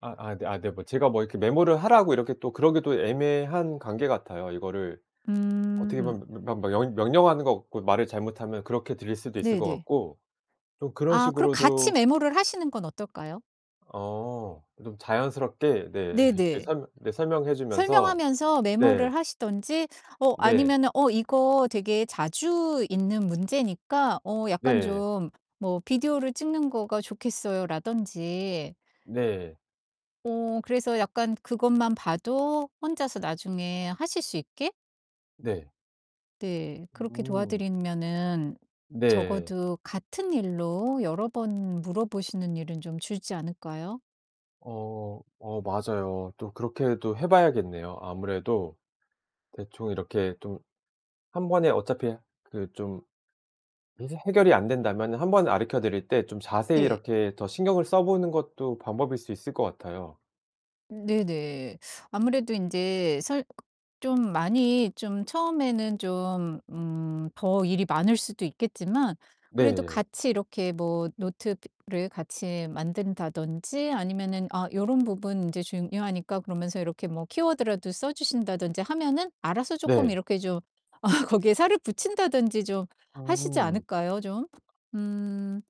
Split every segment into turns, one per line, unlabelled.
아, 아 네. 아 네 뭐 제가 뭐 이렇게 메모를 하라고 이렇게 또 그러기도 애매한 관계 같아요. 이거를
음
어떻게
음.
보면 며 며 며 영 명령하는 것 같고 말을 잘못하면 그렇게 들릴 수도 있을
네
것
네.
같고 좀 그런
아 그럼 같이
식으로도
메모를 하시는 건 어떨까요?
어. 좀 자연스럽게 네
네
이렇게
네.
설명 네 설명해 주면서
설명하면서
네.
메모를 하시든지 어
네.
아니면은 "어 이거 되게 자주 있는 문제니까 어 약간
네.
좀 뭐 비디오를 찍는 거가 좋겠어요."라든지.
네.
어 그래서 약간 그것만 봐도 혼자서 나중에 하실 수 있게?
네.
네. 그렇게
음
도와드리면은
네.
적어도 같은 일로 여러 번 물어보시는 일은 좀 줄지 않을까요?
어, 어 맞아요. 또 그렇게도 해 봐야겠네요. 아무래도 대충 이렇게 좀 1 번에 어차피 그 좀 이제 해결이 안 된다면은 1 번 가르쳐 드릴 때 좀 자세히
네.
이렇게 더 신경을 써 보는 것도 방법일 수 있을 것 같아요.
네네. 아무래도 인제 설 좀 많이 좀 처음에는 좀 음 더 일이 많을 수도 있겠지만 그래도
네.
같이 이렇게 뭐 노트 드를 같이 만든다든지 아니면은 "아 요런 부분 인제 중요하니까." 그러면서 이렇게 뭐 키워드라도 써 주신다든지 하면은 알아서 쪼끔
네.
이렇게 좀 어 거기에 살을 붙인다든지 좀 하시지
음.
않을까요, 좀? 음. 음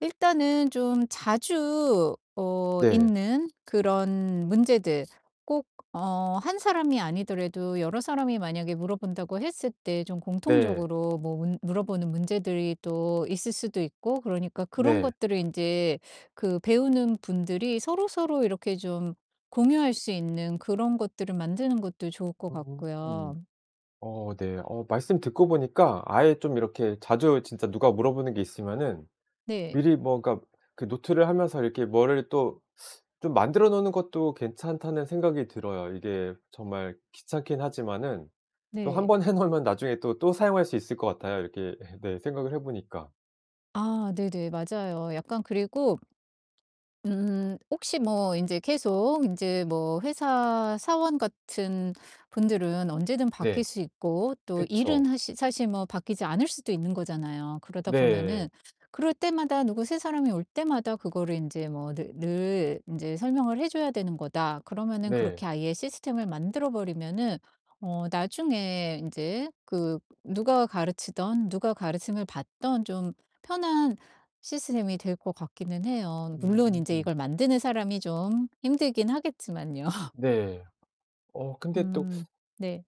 일단은 좀 자주 어
네.
있는 그런 문제들 꼭 어 1 사람이 아니더라도 여러 사람이 만약에 물어본다고 했을 때 좀
네.
공통적으로 뭐 문 물어보는 문제들이 또 있을 수도 있고 그러니까 그런
네.
것들을 인제 그 배우는 분들이 서로서로 이렇게 좀 공유할 수 있는 그런 것들을 만드는 것도 좋을 것
[unintelligible]
같고요.
어 네. 어 말씀 듣고 보니까 '아예 좀 이렇게 자주 진짜 누가 물어보는 게 있으면은
네.
미리 뭐 그러니까 그 노트를 하면서 이렇게 뭐를 또 좀 만들어 놓는 것도 괜찮다.'는 생각이 들어요. 이게 정말 귀찮긴 하지만은 또 1
네.
번 해 놓으면 나중에 또, 또 사용할 수 있을 것 같아요, 이렇게 헤 네 생각을 해 보니까.
아 네네. 맞아요. 약간 그리고 음 혹시 뭐 인제 계속 인제 뭐 회사 사원 같은 분들은 언제든
네.
바뀔 수 있고 또 일은
그쵸.
하시 사실 뭐 바뀌지 않을 수도 있는 거잖아요. 그러다 보면은
네.
'그럴 때마다 누구 새 사람이 올 때마다 그거를 인제 뭐 늘 늘 인제 설명을 해 줘야 되는 거다.' 그러면은 그렇게
네.
아예 시스템을 만들어 버리면은 어 나중에 인제 그 누가 가르치든 누가 가르침을 받든 좀 편한 시스템이 될 것 같기는 해요. 물론 인제
음
이걸 만드는 사람이 좀 힘들긴 하겠지만요.
네. 어 근데 또
음 네.